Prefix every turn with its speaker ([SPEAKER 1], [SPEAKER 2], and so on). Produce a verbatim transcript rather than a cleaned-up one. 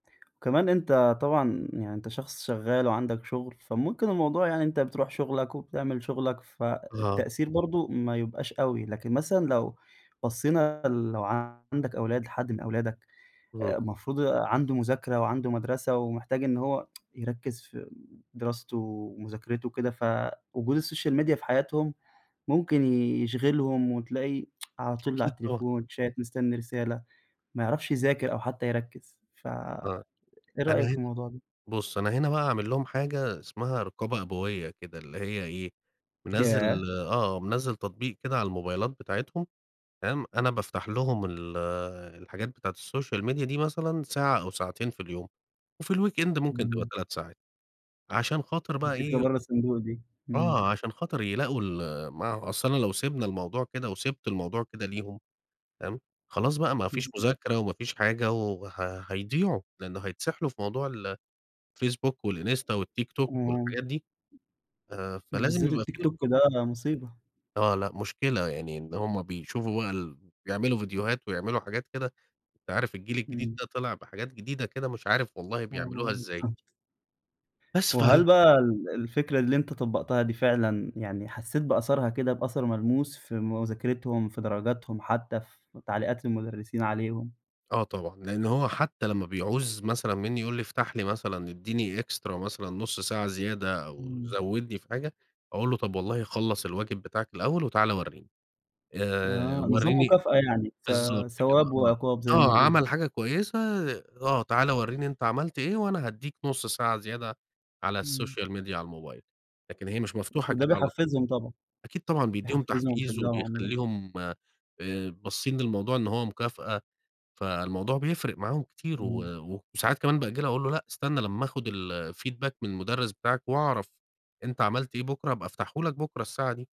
[SPEAKER 1] وكمان أنت طبعًا يعني أنت شخص شغّال وعندك شغل، فممكن الموضوع يعني أنت بتروح شغلك وبتعمل شغلك
[SPEAKER 2] آه.
[SPEAKER 1] فالتأثير برضو ما يبقاش أوي، لكن مثلًا لو بصينا ال لو عندك أولاد لحد من أولادك
[SPEAKER 2] اهم.
[SPEAKER 1] المفروض عنده مذاكرة وعنده مدرسة ومحتاج إن هو يركز في دراسته ومذاكرته وكده، ف وجود السوشيال ميديا في حياتهم ممكن يشغلهم وتلاقي على طول على
[SPEAKER 2] أكيد، آه.
[SPEAKER 1] التليفون شات مستنّي رسالة ما يعرفش يذاكر أو حتّى يركز، ف
[SPEAKER 2] آه،
[SPEAKER 1] إيه
[SPEAKER 2] أنا
[SPEAKER 1] رأيك في
[SPEAKER 2] هنا
[SPEAKER 1] الموضوع ده؟
[SPEAKER 2] بُص، أنا هنا بقى عامل لهم حاجة اسمها رقابة أبوية كده، اللي هي إيه، منزل
[SPEAKER 1] ياه!
[SPEAKER 2] آه، منزل تطبيق كده على الموبايلات بتاعتهم فاهم؟ أنا بافتح لهم ال الحاجات بتاعة الsocial media دي مثلًا ساعة أو ساعتين في اليوم، وفي الweekend ممكن تبقى
[SPEAKER 1] إمم.
[SPEAKER 2] تلات ساعات عشان خاطر بقى
[SPEAKER 1] فكرة
[SPEAKER 2] إيه
[SPEAKER 1] بره الصندوق دي. إمم.
[SPEAKER 2] آه، عشان خاطر يلاقوا ال ما هو أصل أنا لو سيبنا الموضوع كده وسيبت الموضوع كده ليهم فاهم؟ خلاص بقى ما فيش
[SPEAKER 1] بالضبط.
[SPEAKER 2] مذاكرة وما فيش حاجة وه هيضيعوا، لأنه هيتسحلوا في موضوع ال الfacebook والinsta والTiktok
[SPEAKER 1] إمم.
[SPEAKER 2] والحاجات دي. ف فلازم
[SPEAKER 1] بالذات
[SPEAKER 2] يبقى
[SPEAKER 1] التيك
[SPEAKER 2] في
[SPEAKER 1] توك
[SPEAKER 2] رقابة.
[SPEAKER 1] ده، ده مصيبة.
[SPEAKER 2] آه، لا مشكلة، يعني إن هم بيشوفوا بقى ال بيعملوا ڤيديوهات ويعملوا حاجات كده أنت عارف الجيل الجديد
[SPEAKER 1] إمم.
[SPEAKER 2] ده طلع بحاجات جديدة كده مش عارف والله
[SPEAKER 1] آه
[SPEAKER 2] بيعملوها ازاي.
[SPEAKER 1] بالضبط.
[SPEAKER 2] بس
[SPEAKER 1] وهل
[SPEAKER 2] فهي
[SPEAKER 1] بقى ال الفكرة اللي أنت طبقتها دي فعلًا يعني حسّيت بأثرها كده بأثر ملموس في مذاكرتهم في درجاتهم حتّى في تعليقات المدرسين عليهم؟
[SPEAKER 2] آه طبعًا، لأنّه هو حتّى لمّا بيعوز مثلًا مِنّي يقول لي: "افتح لي مثلًا اديني extra مثلًا نص ساعة زيادة أو
[SPEAKER 1] إمم.
[SPEAKER 2] زودني في حاجة"، أقول له: "طب والله خلص الواجب بتاعك الأوّل، وتعالَ ورّيني، آآ،
[SPEAKER 1] آه، نظام
[SPEAKER 2] ورّيني"
[SPEAKER 1] مكافأة يعني ث
[SPEAKER 2] بالضبط كده،
[SPEAKER 1] ثواب
[SPEAKER 2] آه،
[SPEAKER 1] وعقاب زي ما
[SPEAKER 2] آه،
[SPEAKER 1] بيقولوا.
[SPEAKER 2] عمل حاجة كويّسة، آه، تعالَ ورّيني أنت عملت إيه وأنا هاديك نص ساعة زيادة على
[SPEAKER 1] إمم.
[SPEAKER 2] الsocial media على الموبايل، لكن هي مش مفتوحة
[SPEAKER 1] وده
[SPEAKER 2] كده على طول.
[SPEAKER 1] بيحفزهم طبعًا.
[SPEAKER 2] أكيد طبعًا، بيديهم
[SPEAKER 1] بيحفزهم
[SPEAKER 2] تحفيز
[SPEAKER 1] ويشجعهم. [unintelligible]
[SPEAKER 2] وبيخليهم آآ، باصين للموضوع إن هو مكافأة؛ فالموضوع بيفرق معاهم كتير،
[SPEAKER 1] إمم.
[SPEAKER 2] و وساعات كمان بأجلها أقول له: "لأ استنّى لمّا أخد الfeedback من المدرس بتاعك وأعرف أنت عملت إيه بكرة، هابقى افتحه لك بكرة الساعة دي."